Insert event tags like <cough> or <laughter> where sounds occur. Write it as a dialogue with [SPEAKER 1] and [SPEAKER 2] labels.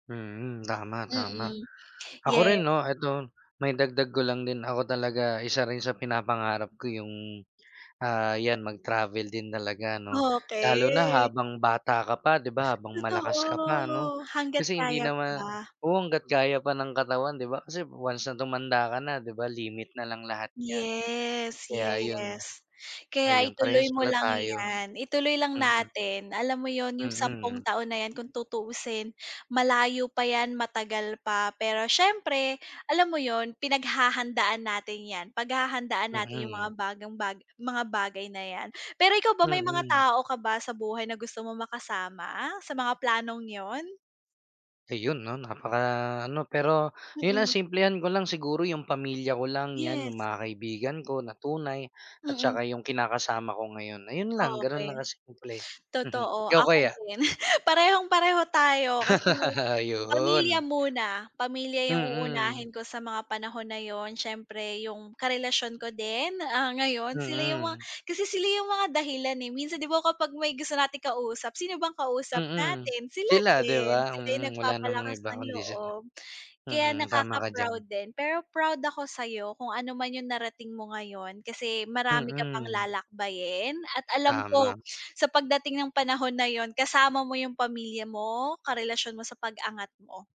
[SPEAKER 1] Mm, tama, tama.
[SPEAKER 2] Mm.
[SPEAKER 1] Ako
[SPEAKER 2] Ye
[SPEAKER 1] rin 'no, 'eto, maidagdag ko lang din, ako talaga isa rin sa pinapangarap ko 'yung, ah 'yan mag-travel din talaga 'no. Lalo na
[SPEAKER 2] Okey.
[SPEAKER 1] habang bata ka pa 'di ba, habang malakas ka pa 'no.
[SPEAKER 2] Totoo. Hangga't
[SPEAKER 1] Kasi hindi
[SPEAKER 2] kaya
[SPEAKER 1] nama
[SPEAKER 2] pa.
[SPEAKER 1] oo, hangga't kaya pa ng katawan 'di ba, kasi once na tumanda ka na 'di ba, limit na lang lahat 'yan,
[SPEAKER 2] Yes,
[SPEAKER 1] kaya yun.
[SPEAKER 2] yes. Kaya
[SPEAKER 1] Ayun,
[SPEAKER 2] ituloy
[SPEAKER 1] parehas
[SPEAKER 2] mo
[SPEAKER 1] pala
[SPEAKER 2] lang
[SPEAKER 1] tayo.
[SPEAKER 2] 'yan, ituloy lang
[SPEAKER 1] Mhm.
[SPEAKER 2] natin. Alam mo yun, 'yung sampung
[SPEAKER 1] Mhm.
[SPEAKER 2] taon na 'yan kung tutuusin, malayo pa 'yan, matagal pa, pero siyempre, alam mo yun, pinaghahandaan natin 'yan. Paghahandaan natin 'yung mga
[SPEAKER 1] Mhm.
[SPEAKER 2] bagang baga mga bagay na 'yan. Pero ikaw ba, may mga
[SPEAKER 1] Mhm.
[SPEAKER 2] tao ka ba sa buhay na gusto mong makasama sa mga planong 'yon?
[SPEAKER 1] Ayun 'no, napaka ano, pero yun ha
[SPEAKER 2] Mm.
[SPEAKER 1] simplehan ko lang. Siguro 'yung pamilya ko lang, 'yan
[SPEAKER 2] Yes.
[SPEAKER 1] 'yung mga kaibigan ko na tunay at
[SPEAKER 2] Mm.
[SPEAKER 1] saka 'yung kinakasama ko ngayon. Ayun lang, gano'n
[SPEAKER 2] Okey.
[SPEAKER 1] lang kasimple. Mhm,
[SPEAKER 2] Totoo,
[SPEAKER 1] ikaw
[SPEAKER 2] ako
[SPEAKER 1] kaya?
[SPEAKER 2] din. <giggles> Parehong-pareho tayo kasi
[SPEAKER 1] <laughs>
[SPEAKER 2] pamilya
[SPEAKER 1] Ayun.
[SPEAKER 2] muna. Pamilya 'yung
[SPEAKER 1] Mm.
[SPEAKER 2] uunahin ko sa mga panahon na yun. Siyempre 'yung karelasyon ko din, ah ngayon, sila 'yung mga
[SPEAKER 1] Mm.
[SPEAKER 2] kasi sila 'yung mga dahilan eh. Minsan 'di ba kapag may gusto nating kausap, sino bang kausap
[SPEAKER 1] Mm.
[SPEAKER 2] natin? Sila
[SPEAKER 1] Sila, 'di
[SPEAKER 2] din.
[SPEAKER 1] ba?
[SPEAKER 2] Sila 'yung
[SPEAKER 1] Mm, wala namang
[SPEAKER 2] nagpapalakas
[SPEAKER 1] iba
[SPEAKER 2] ng
[SPEAKER 1] kundi sila.
[SPEAKER 2] loob. Kaya
[SPEAKER 1] Mhm, tama
[SPEAKER 2] nakaka
[SPEAKER 1] ka
[SPEAKER 2] proud
[SPEAKER 1] diyan.
[SPEAKER 2] din pero proud ako sa'yo kung ano man 'yung narating mo ngayon kasi marami ka pang
[SPEAKER 1] Mm.
[SPEAKER 2] lalakbayin at alam ko
[SPEAKER 1] Tama.
[SPEAKER 2] sa pagdating ng panahon na yun kasama mo 'yung pamilya mo, karelasyon mo sa pag-angat mo.